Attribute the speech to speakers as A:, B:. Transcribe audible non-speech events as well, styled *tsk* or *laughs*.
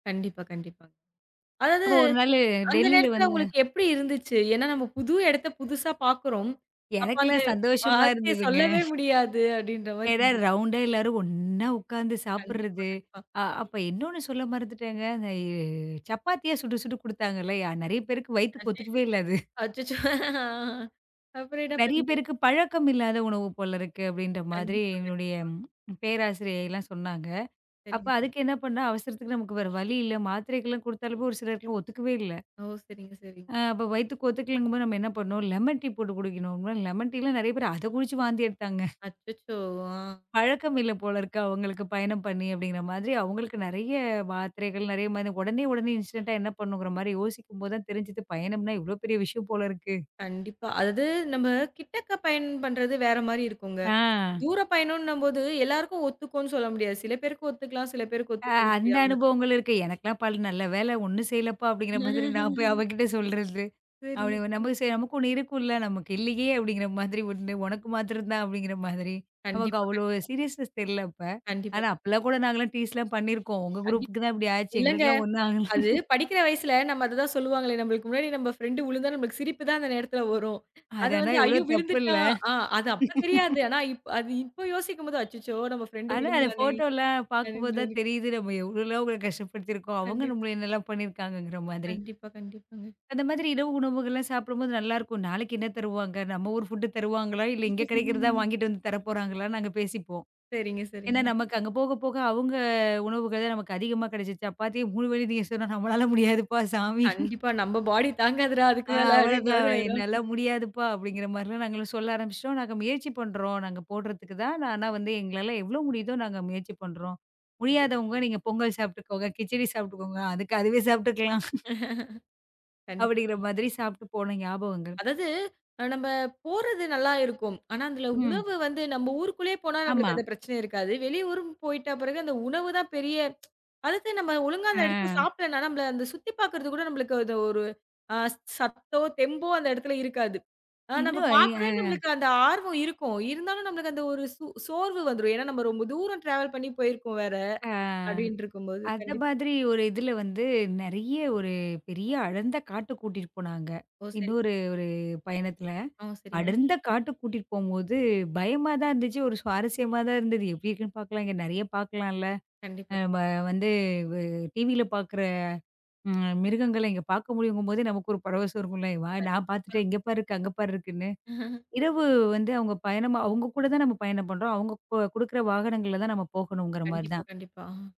A: கண்டிப்பா. கண்டிப்பா. அதாவது,
B: அப்போ ஒரு நாளு
A: அந்த
B: டெல்லில
A: நேரத்துல
B: வந்தேன்
A: உங்களுக்கு எப்படி இருந்துச்சு? ஏன்னா நம்ம புது இடத்த புதுசா பாக்குறோம். அப்போ அந்த
B: எனக்கெல்லாம் சந்தோஷமா
A: வார்த்தைய
B: இருந்ததுங்க.
A: சொல்லவே முடியாது, அப்படின்ற மாதிரி
B: ஏன்னா, ரவுண்டா எல்லாரும் ஒண்ணா உட்காந்து
A: கண்டிப்பா.
B: சாப்பிறது.
A: கண்டிப்பா.
B: அ அப்ப இன்னொன்னு சொல்ல மறந்துட்டேங்க. எ சப்பாத்தியா சுட்டு சுட்டு குடுத்தாங்கல்ல. நிறைய பேருக்கு வயித்துக்கு ஒத்துக்கவே இல்ல அது.
A: *unintelligible* அச்சச்சோ! ஆ. அப்புறம் என்ன
B: நிறைய
A: பண்ணீங்க?
B: பேருக்கு பழக்கம் இல்லாத உணவு போல இருக்கு அப்படின்ற மாதிரி
A: கண்டிப்பா.
B: எங்களுடய
A: கண்டிப்பா.
B: பேராசிரியை எல்லாம் சொன்னாங்க. அப்ப
A: சரிங்க.
B: அதுக்கு என்ன பண்ண? அவசரத்துக்கு நமக்கு வேற வழி இல்ல. மாத்திரைகள் எல்லாம் கொடுத்தாலும் ஒரு சிலருக்கு ஒத்துக்கவே இல்ல.
A: ஓ! சரிங்க, சரிங்க.
B: அ அப்போ வயித்துக்கு ஒத்துக்கலைங்கம் போது நாம என்ன பண்ணோம். லெமன் டீ போட்டு குடிக்கணும். லெமன் டீலாம் நிறய பேர் அதக் குடிச்சு வாந்தி எடுத்தாங்க. *snorts*
A: அச்சச்சோ! அ.
B: பழக்கம் இல்ல போல இருக்கு அவங்களுக்கு, பயணம் பண்ணி அப்படிங்குற மாதிரி அவங்களுக்கு நெறய மாத்திரைகள். நெறய மருந்து உடனே உடனே இன்ஸ்டன்டா என்ன பண்ணணுன்ற மாதிரி யோசிக்கும் போது தெரிஞ்சுது, பயணம்ன்னா எவ்வளவு பெரிய விஷயம் போல இருக்கு.
A: கண்டிப்பா. அதாது, நம்ம கிட்டக்க பயணம் பண்றது வேற மாரி இருக்கும்ங்க.
B: அ.
A: தூர பயணம்ன்னும் போது, எல்லாருக்கும் ஒத்துக்கும்னு சொல்ல முடியாது. சில பேருக்கு ஒத்துக்கலாம். சில பேருக்கு
B: அ.
A: ஒத்துக்க
B: அந்த
A: முடியாமலும் இருக்கலாம்.
B: அனுபவங்கள் இருக்கு. "எனக்கெல்லாம் பல் நல்ல வேள ஒண்ணும் செய்யலப்பா!" அப்படிங்கற மாதிரி நான் போய்
A: *laughs*
B: அவகிட்ட சொல்றது. அப்படி
A: சரிங்க,
B: அவ
A: சரி.
B: நமக்கு செய்ய நமக்கு ஒண்ணு இருக்கும்ல. நமக்கு இல்லியே! அப்படிங்கற மாதிரி உண்டு உனக்கு மாத்தரம் தான் அப்படிங்கற மாதிரி. நமக்கு
A: கண்டிப்பா.
B: அவ்ளோ
A: கண்டிப்பா.
B: சீரியஸ்நெஸ் தெரியல அப்ப.
A: கண்டிப்பா.
B: ஆனா அப்பலாம் கூட நாங்க எல்லாம் டீஸ்லாம் பண்ணிருக்கோம். உங்க
A: கண்டிப்
B: குரூப்க்குதான் இப்டி ஆச்சு.
A: இல்லங்க.
B: எங்களுக்கெல்லாம் ஒண்ணும் ஆகல.
A: அது
B: *laughs*
A: படிக்கிற வயசுல நம்ம அத தான் சொல்லுவாங்களே. நம்ளுக்கு முன்னாடி நம்ம ஃப்ரெண்ட் உழுந்தா நமக்குச் சிரிப்பு தான் அந்த நேரத்துல வரும்.
B: அது
A: அது
B: ஆனா,
A: வந்து,
B: எவ்ளோ
A: ஐயோ
B: தப்புல்ல?
A: விழுந்துட்டா. அ அது அப்பத் தெரியாது.
B: *laughs*
A: ஆனா இப் அது இப்போ யோசிக்கும்போது, அச்சச்சோ நம்ம ஃப்ரெண்ட்
B: ஆனா, அ அந்த
A: விழுந்தாளே
B: ஃபோட்டோல்லா பாக்கும்
A: அப்டீன்னு
B: போது தான்
A: தோணும்.
B: தெரியுது நம்ம எவ்ளோலாம் அவங்கள கஷ்டப்படுத்திருக்கோம். அவங்க
A: கண்டிப்பா.
B: நம்மள என்ன எல்லாம் பண்ணிருக்காங்கங்குற மாதிரி.
A: கண்டிப்பா. கண்டிப்பாங்க.
B: அந்த மாதிரி இரவு உணவுகள்லாம் சாப்பிடும் போது நல்லா இருக்கும். நாளைக்கு என்ன தருவாங்க? நம்ம ஊர் ஃபுட்டு தருவாங்களா? இல்ல இங்க கிடைக்குறதா
A: *laughs*
B: வாங்கிட்டு வந்து தரப்போறாங்களான்னு நாங்க பேசிப்போம்.
A: சரிங்க,
B: ஏன்னா
A: சரிங்க.
B: நமக்கு அங்க போகப்போக அவங்க உணவுகள் தான் நமக்கு அதிகமா கிடைச்சுச்சு, சப்பாத்தி 3 வேளயும் திங்க சொன்னா, நம்மால முடியாதுப்பா சாமி.
A: கண்டிப்பா. நம்ம பாடி தாங்காதுடா அதுக்கு
B: அ
A: மேல! அப்படின்ற
B: அவ்வளவுதான்.
A: மாரி ஆய்டும்.
B: என்னால முடியாதுப்பா! அப்படிங்கற மாதிரி நாங்கலாம் சொல்ல ஆரம்பிச்சிட்டோம். நாங்க முயற்சி பண்றோம். நாங்க போடுறதுக்கு தான். ஆனா வந்து எங்களால எவ்வளவு முடியுதோ நாங்க முயற்சி பண்றோம். முடியாதவங்க நீங்க பொங்கல் சாப்பட்டுகோங்க, கிச்சடி சாப்பிட்டுக்கோங்க. அதுக்கு அதுவே சாப்பிட்டுக்கலாம்.
A: *laughs*
B: அப்படிங்குற
A: கண்டிப்பாங்க.
B: மாதிரி சாப்பிட்டு போன ஞாபகங்கள்.
A: அதாவது, நம்ம போறது நல்லா இருக்கும். ஆனா, அதுல
B: ம்.
A: உணவு வந்து நம்ம ஊருக்குள்ளே போனா
B: ஆமா.
A: நம்மளுக்கு அந்த பிரச்சனை இருக்காது. வெளியூருன்னு போயிட்ட பெறகு அந்த உணவு தான் பெரிய *tsk* அதுக்குன்னு நம்ம ஒழுங்கா அந்த இடத்தல
B: ஆ.
A: சாப்பிடலாம். ஆனா நம்மள அந்தச் சுத்தி பாக்குறது கூட நம்மளுக்கு அந்த ஒரு ஒரு ஸ் சத்தோ, தெம்போ அந்த இடத்துல இருக்காது. ஆனா, நம்ம
B: இன்னும் இ
A: பாக்குறேன்ன்னு
B: அ
A: நம்மளுக்கு அந்த ஆர்வம் இருக்கும். இருந்தாலும் நமக்கு அந்த ஒரு சு சோர்வு வந்துரும். ஏன்னா நம்ம ரொம்ப தூரம் டிராவல் பண்ணி போயிருக்கோம் வேற.
B: அ.
A: அப்படின்னு இருக்கும்போது,
B: அந்த
A: கண்டிப்
B: மாதிரி ஒரு இதுல வந்து நெறய ஒரு பெரிய அடர்ந்த காட்டுக் கூட்டிட்டு போனாங்க.
A: ஓ. சரிங்க.
B: இன்னொரு ஒரு பயணத்துல.
A: அ. சரிங்க.
B: அடர்ந்த காட்டுக் கூட்டிட்டு போம்போது பயமாதான் இருந்துச்சு. ஒரு சுவாரஸ்யமா தான் இருந்தது. எப்படி இருக்கும்னு பாக்கலாம். நெறய பாக்கலாம்ல.
A: கண்டிப்பா.
B: வ வந்து வ் டிவில பாக்குற ம் மிருகங்கள இங்க பாக்க முடியுங்கும் போதே நமக்கு ஒரு பரவசம் இருக்கும்ல. நான்
A: கண்டிப்பா.
B: பாத்துட்டேன், இங்க பாரு இருக்கு, அங்க பாரு இருக்குன்னு.
A: *laughs*
B: இரவு வந்து அவங்க பயணம் அவங்க கூட தான் நம்ம பயணம் பண்றோம். அவங்க கு குடுக்குற வாகனங்கள்ல தான் நாம போகணும்ங்கிற மாரி
A: கண்டிப்பா.
B: தான்.
A: கண்டிப்பா. அ.